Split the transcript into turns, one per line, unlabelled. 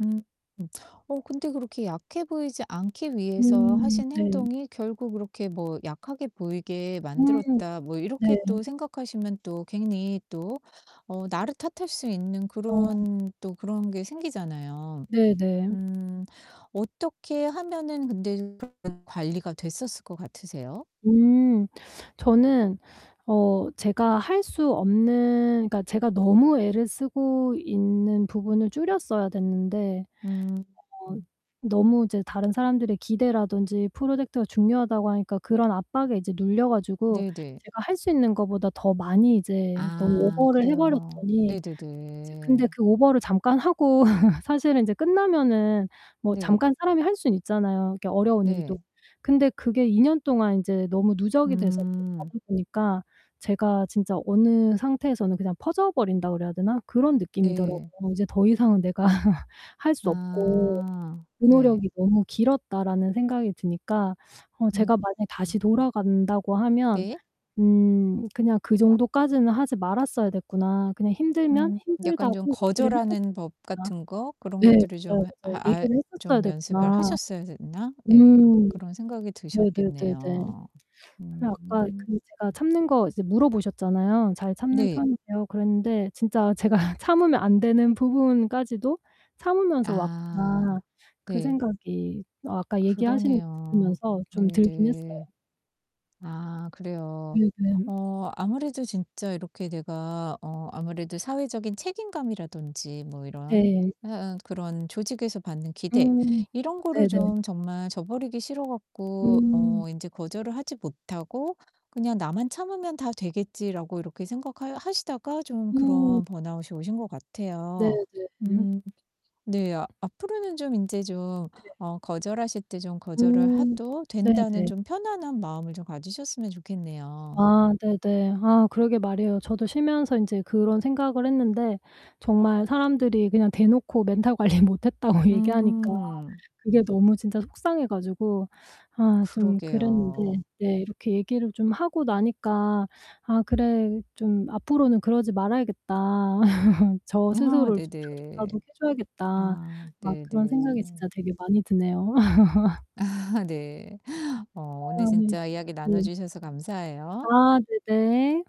음 음. 어 근데 그렇게 약해 보이지 않기 위해서
음
하신
네.
행동이 '결국 그렇게 뭐 약하게 보이게
음
만들었다.' 뭐
네.
이렇게 또 생각하시면 또 괜히 또 어 나를 탓할 수 있는
어.
그런 또 그런 게 생기잖아요.
네, 네.
음 어떻게 하면은 근데 [unintelligible] 관리가 됐었을 것 같으세요?
음. 저는 어 제가 할 수 없는 그러니까 제가 너무 애를 쓰고 있는 부분을 줄였어야 됐는데
음
어
음.
너무 이제 다른 사람들의 기대라던지 프로젝트가 중요하다고 하니까 그런 압박에 이제 눌려 가지고
네네.
제가 할 수 있는 거보다 더 많이 이제 너무
아
오버를 해
그래요.
버렸더니 이제 근데
네네네.
그 오버를 잠깐 하고 사실은 인제 끝나면은 뭐
네.
잠깐 사람이 할 수는 있잖아요 이렇게 어려운 일도.
네.
근데 그게 2 년 동안 인제 너무 누적이 돼서 쭉 가다
음.
보니까 제가 진짜 어느 상태에서는 그냥 퍼져 버린다고 그래야 되나 그런
네.
느낌이더라고요. '이제 더 이상은 내가 할 수 없고
아.
그
네.
노력이 너무 길었다.'라는 생각이 드니까 어
음
제가 만약에 다시
음.
돌아간다고 하면
네.
'음 그냥 그 정도까지는 하지 말았어야 됐구나. 그냥 힘들면
음. 약간
힘들다고
좀
얘기를
거절하는
했었어야
법
됐구나.'
같은 거 그런
네.
것들을 좀
맞아요,
해
맞아요.
하 알
'얘기를 했었어야
좀 연습을
됐구나.'
하셨어야 됐나? 네.
음.
그런 생각이
네네네네.
드셨겠네요. 음
근데 아까
음.
그 제가 참는 거 이제 물어보셨잖아요. "잘 참는
네.
편이세요?" 그랬는데 진짜 제가 '참으면 안되는 부분까지도 참으면서 왔구나.'
아.
그
네.
생각이 아까 얘기하시는 거
그러네요.
들으면서 좀 들긴 했어요.
네네. 아. 그래요.
네 네.
어 아무래도 진짜 이렇게 내가 어 아무래도 사회적인 책임감이라든지 뭐 이런
네.
해 응 또 그런 조직에서 받는 기대
음.
이런 거를
네네.
좀 정말 저버리기 싫어 갖고
음.
어 인제 거절을 하지 못하고 '그냥 나만 참으면 다 되겠지.'라고 이렇게 생각하여 하시다가 좀
음.
그런 번아웃이 오신 것
네
같아요.
네. 그래요?
음. 네. 앞으로는 좀 인제 좀
네네.
어 거절하실 때 좀 거절을
음.
해도 된다는
네네.
좀 편안한 마음을 좀 가지셨으면 좋겠네요.
아 네네. 아 그러게 말이에요. 저도 쉬면서 인제 그런 생각을 했는데 정말 사람들이 그냥 대놓고 멘탈 관리 못했다고 얘기하니까
음.
그게 너무 진짜 속상해 가지고 아 좀 그랬는데
그러게요.
네 이렇게 얘기를 좀 하고 나니까 '아 그래. 좀 앞으로는 그러지 말아야겠다. 저
아
스스로를 좀 다독다독해
네네.
줘야겠다.'
아
막
네
그런 생각이
네.
진짜 되게 많이 드네요.
아. 네. 어 오늘
아 네.
진짜 이야기 나눠
네.
주셔서 감사해요.
아 네. 네.